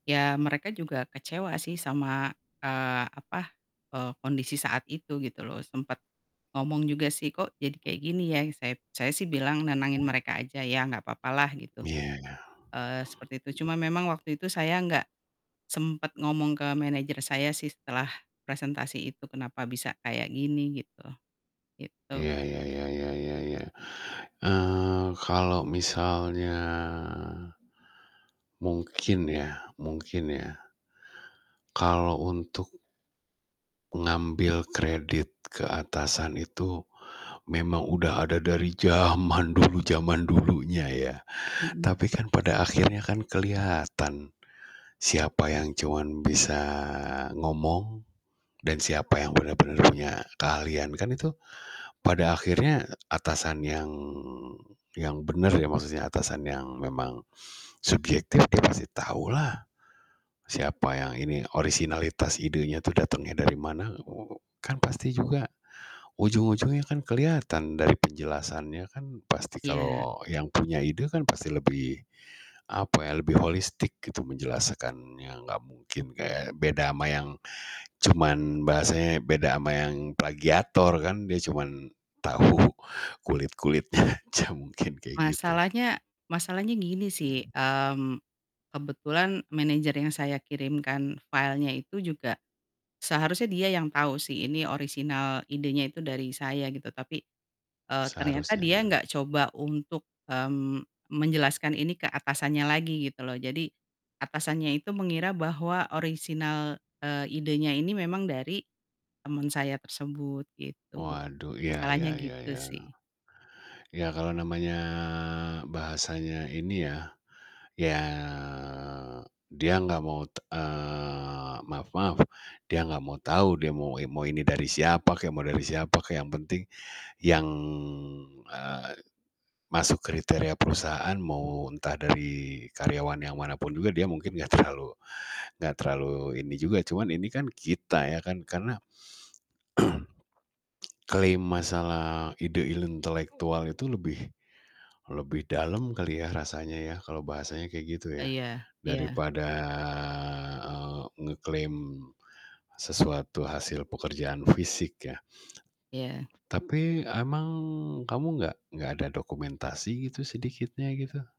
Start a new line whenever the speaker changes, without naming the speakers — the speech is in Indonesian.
Ya mereka juga kecewa sih sama, eee, apa, eee, kondisi saat itu gitu loh sempet ngomong juga sih, "Kok jadi kayak gini ya?" I sep saya sih bilang nenangin mereka aja, "Ya nggak apa-apa lah," gitu,
Iya ya.
eee, seperti itu. Cuma memang waktu itu saya nggak sempet ngomong ke manager saya sih setelah presentasi itu kenapa bisa kayak gini gitu? Gitu.
Iya, ya ya ya ya ya, eee, kalau misalnya mungkin ya mungkin ya. Kalau untuk ngambil kredit ke atasan itu memang udah ada dari zaman dulu zaman dulunya ya,
Mhm.
tapi kan pada akhirnya kan keliatan, siapa yang cuman bisa ngomong dan siapa yang bener-bener punya keahlian kan itu, pada akhirnya atasan yang, yang bener ya maksudnya atasan yang memang subjektif dia pasti tahulah siapa yang ini orisinalitas idenya tuh datengnya dari mana oho kan pasti juga ujung-ujungnya kan keliatan dari penjelasannya kan. pasti
Iya.
kalau yang punya ide kan pasti lebih apa ya, lebih holistik gitu menjelaskannya gak mungkin kayak beda ama yang cuman bahasanya beda ama yang plagiator kan, dia cuman tahu kulit-kulitnya aja mungkin kayak gitu.
Masalahnya, masalahnya gini sih, mmm, kebetulan manager yang saya kirimkan filenya itu juga seharusnya dia yang tau sih ini orisinal idenya itu dari saya gitu tapi, eee, ternyata,
Seharusnya
dia
nah.
nggak coba untuk, mmm, menjelaskan ini ke atasannya lagi gitu loh. Jadi atasannya itu mengira bahwa orisinal, eee, idenya ini memang dari teman saya tersebut gitu.
Waduh, ya
Masalahnya
ya ya
gitu
ya.
sih.
Ya kalau namanya bahasanya ini ya, ya, dia gak mau, t eee, maaf-maaf, dia gak mau tahu, dia mau in mau ini dari siapa kek, mau dari siapa kek yang penting yang, eee, masuk kriteria perusahaan mau entah dari karyawan yang manapun juga dia mungkin gak terlalu gak terlalu ini juga, cuman ini kan kita ya kan karena klaim masalah ide intelektual itu lebih, lebih dalam kali ya rasanya ya kalau bahasanya kayak gitu ya
Iya, iya.
daripada, eee, ngeklaim sesuatu hasil pekerjaan fisik ya.
Iya.
Tapi emang kamu gak gak ada dokumentasi gitu sedikitnya gitu?